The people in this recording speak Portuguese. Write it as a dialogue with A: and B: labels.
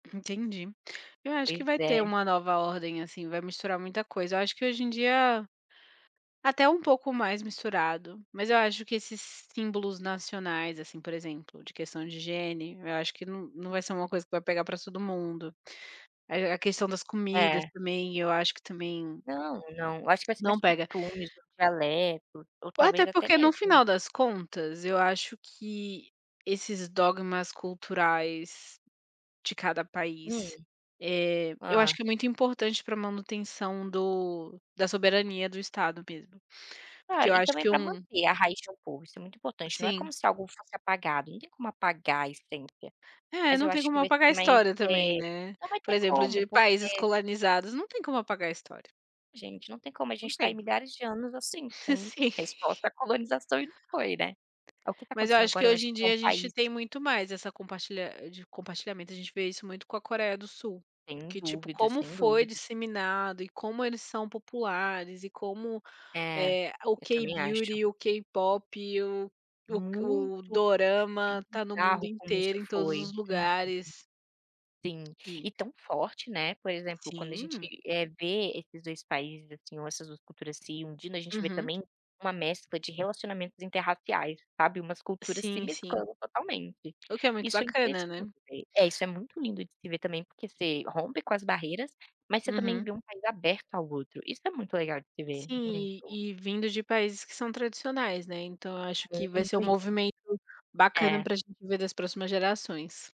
A: Entendi. Eu acho
B: Pois
A: que vai
B: é.
A: ter uma nova ordem assim, vai misturar muita coisa. Eu acho que hoje em dia, até um pouco mais misturado. Mas, eu acho que esses símbolos nacionais, assim, por exemplo, de questão de higiene, eu acho que não não vai ser uma coisa que vai pegar para todo mundo. A a questão das comidas
B: É.
A: também, eu acho que, também
B: Não, não. Eu acho que vai ser
A: não
B: mais
A: pega.
B: costumes ou dialeto, ou,
A: Ou
B: talvez,
A: até
B: até
A: porque no
B: mesmo
A: final das contas eu acho que esses dogmas culturais, de cada
B: Hum.
A: país, eh, eu acho
B: Ah.
A: que é muito importante para manutenção do da soberania do estado mesmo. Porque
B: Claro,
A: eu
B: e
A: acho
B: também
A: que
B: para
A: um
B: manter a raiz de um povo, isso é muito importante. Não é como
A: Sim.
B: se algo fosse apagado, não tem como apagar a essência,
A: É,
B: mas
A: não
B: eu
A: tem
B: acho
A: como
B: que vai
A: apagar a
B: ser mais
A: história também,
B: eh,
A: né.
B: não vai
A: Por
B: ter
A: exemplo,
B: como
A: de países
B: porque
A: colonizados, não tem como apagar a história.
B: Gente, não tem como, a gente
A: Não
B: está ai
A: tem.
B: milhares de anos assim
A: S
B: com
A: Sim.
B: resposta à colonização e não foi, né. O que está
A: Mas eu
B: acontecendo
A: acho que,
B: agora eu acho
A: hoje
B: que
A: em
B: são
A: dia, a gente
B: países
A: tem muito mais essa compartilha de compartilhamento, a gente vê isso muito com a Coreia do Sul.
B: Sem
A: Porque, tipo,
B: dúvida,
A: como
B: sem
A: foi
B: dúvida.
A: disseminado e como eles são populares e como,
B: É.
A: eh, o
B: Eu também acho.
A: K-beauty, o K-pop o o k
B: Muito.
A: o
B: É
A: dorama tá no mundo
B: bizarro como isso
A: inteiro em todos
B: foi
A: os lugares.
B: [unintelligible] Sim.
A: E
B: E tão forte, né, por exemplo, quando a gente,
A: Sim.
B: eh, vê esses 2 países, assim, ou essas 2 culturas se unindo, a gente vê,
A: Uhum.
B: também, uma mescla de relacionamentos interraciais, sabe, umas culturas se
A: Sim, sim.
B: mesclando totalmente.
A: O que é muito
B: Isso é
A: bacana,
B: interessante
A: né.
B: ver. É, isso é muito lindo de se ver também, porque você rompe com as barreiras, mas você também
A: Uhum.
B: vê um país aberto ao outro, isso é muito legal de se ver,
A: Sim.
B: muito.
A: E e vindo de países que são tradicionais, né. Então, eu acho que vai ser um
B: [unintelligible]
A: movimento bacana
B: É.
A: para gente ver das próximas gerações.